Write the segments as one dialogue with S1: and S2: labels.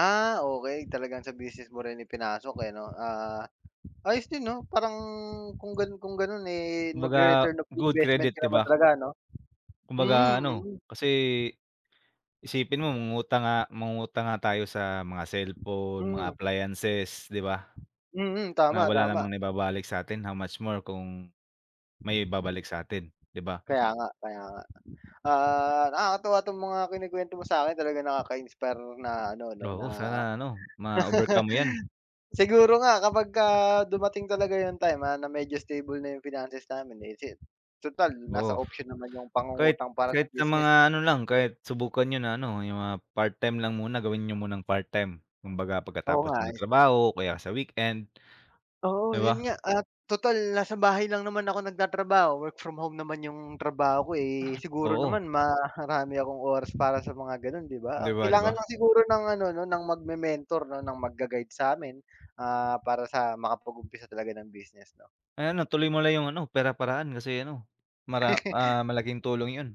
S1: Ah, okey talagang sa business mo rin ipinasok, eh, ano, ah, ayos din 'no parang kung gano'n, kung gano'n, eh,
S2: Kumbaga
S1: mag-rereturn of
S2: good
S1: investment
S2: credit,
S1: ka
S2: di
S1: naman
S2: ba?
S1: talaga ano? Mm,
S2: Kumbaga ano
S1: mm.
S2: kasi, isipin mo mangungutang nga mangungutang nga tayo sa mga cellphone, mga
S1: Hmm.
S2: appliances, di ba?
S1: Hmm,
S2: Na
S1: tama,
S2: wala
S1: tama.
S2: namang naibabalik sa'tin, how much more kung may babalik sa atin, di ba?
S1: Kaya nga, kaya nga, ah, nakakatuwa 'tong mga kinukwento mo sa'kin talagang nakaka-inspire na ano, ano
S2: Oo
S1: na
S2: sana ano, ma-overcome mo 'yan.
S1: siguro nga kapagka dumating talaga yung time na medyo stable na yung finances namin, eh, si tutal
S2: Oo.
S1: nasa option naman yung
S2: Kahit,
S1: pangungutang para sa
S2: kahit sa
S1: business
S2: mga
S1: 'no.
S2: ano lang, kahit subukan niyo na ano, yung mga part time lang muna gawin niyo munang part time kumbaga
S1: Oo,
S2: pagkatapos
S1: nga,
S2: niyo
S1: eh.
S2: mag-trabaho o kaya sa weekend.
S1: Oo
S2: Di
S1: 'yon
S2: ba?
S1: nga, at tutal nasa bahay lang naman ako nagtatrabaho, work from home naman yung trabaho ko, eh, siguro
S2: Oo.
S1: naman marami akong oras para sa mga gano'n, di
S2: Di
S1: ba?
S2: ba, di
S1: Kailangan
S2: ba?
S1: lang siguro ng ano 'no, ng magme-mentor no ng mag-ga guide sa'min, ah, para sa makapag-umpisa talaga ng business 'no?
S2: Ay ano, tuloy mo lang yung ano, pera paraan kasi ano, mara ah, malaking tulong 'yon.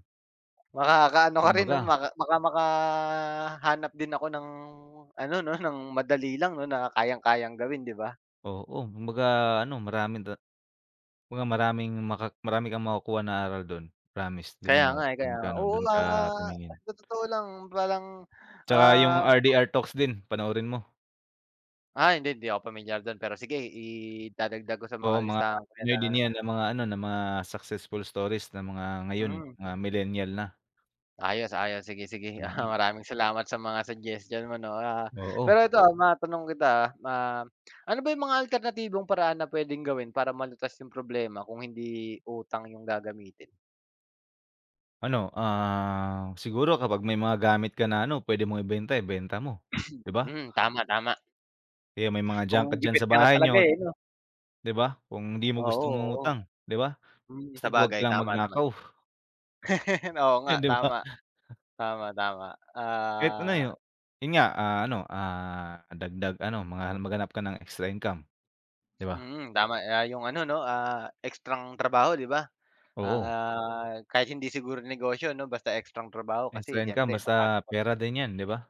S1: Makaka-ano ka rin 'no,
S2: Kumbaga.
S1: maka baka makahanap din ako ng ano 'no, ng madali lang 'no, na kayang-kayang gawin, di ba?
S2: Oo kumbaga ano, marami da kumbaga maraming maka marami kang makukuha ng aral do'n, promise do'n
S1: Kaya
S2: mo,
S1: nga, eh, kaya
S2: do'n ka
S1: nga oo,
S2: do'n ka
S1: ah,
S2: tumingin.
S1: tot totoo lang parang,
S2: Tsaka yung
S1: ah
S2: RDR talks din panoorin mo.
S1: Ah, hindi hindi ako pamilyar dun pero sige idadagdag ko sa mga
S2: Oo, mga
S1: listahan ko 'yan
S2: buhay
S1: na
S2: niya ng mga ano ng mga successful stories na mga ngayon
S1: Hmm.
S2: mga millennial na.
S1: Ayos, ayos, sige, sige, ah,
S2: Mhm.
S1: maraming salamat sa mga suggestion mo 'no, ah,
S2: Oo.
S1: pero ito, ah, matanong kita, ah, ah, ano ba yung mga alternatibong paraan na puwedeng gawin para malutas yung problema kung hindi utang yung gagamitin?
S2: Ano, ah, siguro kapag may mga gamit ka na ano, puwede mong ibenta, ibenta mo, di ba?
S1: Hmm, tama, tama.
S2: Eh, may mga
S1: Kung
S2: junk ka diyan
S1: gipit
S2: sa
S1: ka na
S2: bahay
S1: talaga,
S2: niyo,
S1: eh, 'no.
S2: di ba? Kung hindi mo
S1: Oo,
S2: gustong
S1: oo.
S2: umutang, di ba?
S1: Hmm,
S2: Basta 'wag ka
S1: sabagay
S2: lang
S1: tama naman.
S2: magnakaw.
S1: Oo,
S2: Eh,
S1: nga
S2: di ba?
S1: tama. Tama, tama,
S2: Kahit ano
S1: ah
S2: yun, yun nga, ah, ano, ah, dagdag ano, mga maghanap ka ng extra income, di ba?
S1: Hmm, tama yung ano 'no, ah, ekstrang trabaho, di ba?
S2: Oo.
S1: Ah, kahit hindi siguro negosyo 'no basta ekstrang trabaho
S2: Extra
S1: kasi
S2: income
S1: siyempre
S2: basta
S1: papasok ka.
S2: pera din 'yan, di ba?